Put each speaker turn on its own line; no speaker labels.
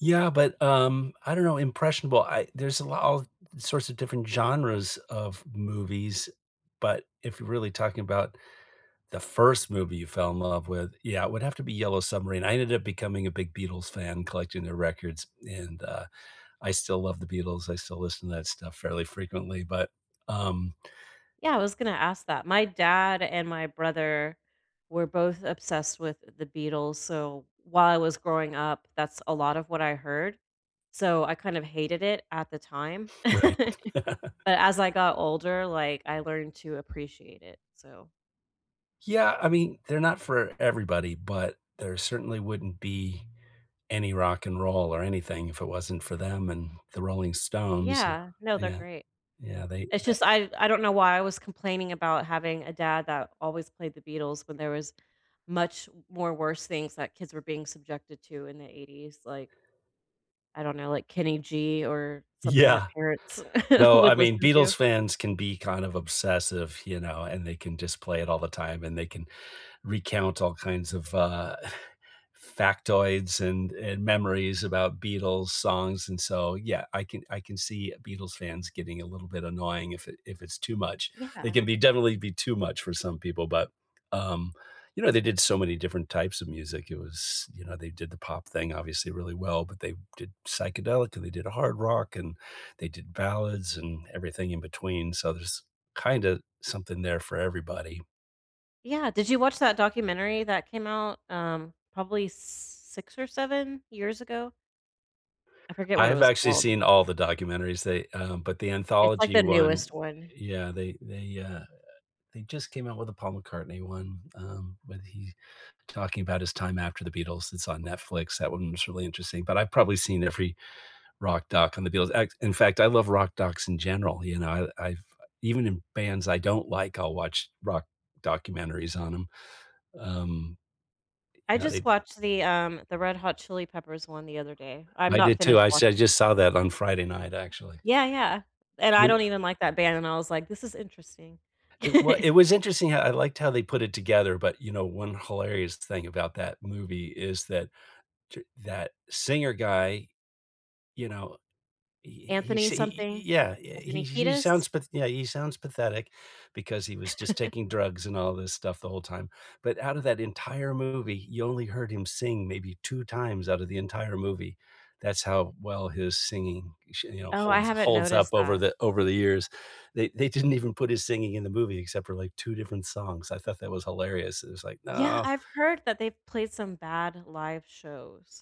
Yeah, but, um, I don't know, impressionable I there's a lot of sorts of different genres of movies, but if you're really talking about the first movie you fell in love with, yeah, it would have to be Yellow Submarine, I ended up becoming a big Beatles fan collecting their records, and, uh, I still love the Beatles, I still listen to that stuff fairly frequently, but, um
Yeah, I was gonna ask that, my dad and my brother were both obsessed with the Beatles, so, while I was growing up, that's a lot of what I heard. So, I, kind of hated it at the time,
Right.
but as I got older, like, I learned to appreciate it, so
Yeah. I mean, they're not for everybody, but there certainly wouldn't be any rock and roll or anything if it wasn't for them and the Rolling Stones.
Yeah. No, they're
Yeah.
great.
Yeah, they
It's,
tha
just, I I don't know why I was complaining about having a dad that always played the Beatles when there was much more worse things that kids were being subjected to in the 80s, like I don't know, like, Kenny G or something that
Yeah.
parents
No, I
would
mean,
listen to.
Beatles fans can be, kind of, obsessive, you know, and they can, just, play it all the time, and they can recount all kinds of, uh, factoids and and memories about Beatles songs, and so, yeah, I can I can see Beatles fans getting a little bit annoying if it if it's too much. It
Yeah.
can be definitely be too much for some people, but, um, you know, they did so many different types of music, it was you know, they did the pop thing obviously really well, but they did psychedelic, and they did a hard rock, and they did ballads and everything in between, so, there's, kinda, something there for everybody.
Yeah did you watch that documentary that came out, um, probably s 6 or 7 years ago? I forget
I
what it
have
was
actually
called.
seen all the documentaries, they um but the
It's, like,
anthology
the
one,
newest one.
yeah, they they, uh, eh, they, just, came out with the Paul McCartney one, um, when he talking about his time after the Beatles, it's on Netflix, that one was really interesting, but I've probably seen every rock doc on the Beatles a in fact I love rock docs in general, you know? I I've I even in bands I don't like, I'll watch rock documentaries on 'em. Um, e
I
now
just
they
watched the, um, the Red Hot Chili Peppers one the other day. I'm
I
not
did, too,
finished
I
watching
said I,
it.
just, saw that on Friday night, actually.
Yeah, yeah, and I don't even
[unintelligible]
like that band, and I was, like, "This is interesting."
It w it was interesting how I liked how they put it together, but, you know, one hilarious thing about that movie is that t that singer guy, you know, he he he
Anthony
s he
something,
he i yeah, eh, he
Anthony
he
Kiedis?
sounds p yeah, he sounds pathetic because he was, just, taking drugs and all this stuff the whole time, but outta that entire movie, you only heard him sing maybe 2 times out of the entire movie, that's how well his singing, sh
Oh, I
holds
haven't
holds up
noticed
over
that.
the over the years. They they didn't even put his singing in the movie except for, like, 2 different songs. I thought that was hilarious. It was, like,
Yeah,
"No."
I've heard that they've played some bad live shows.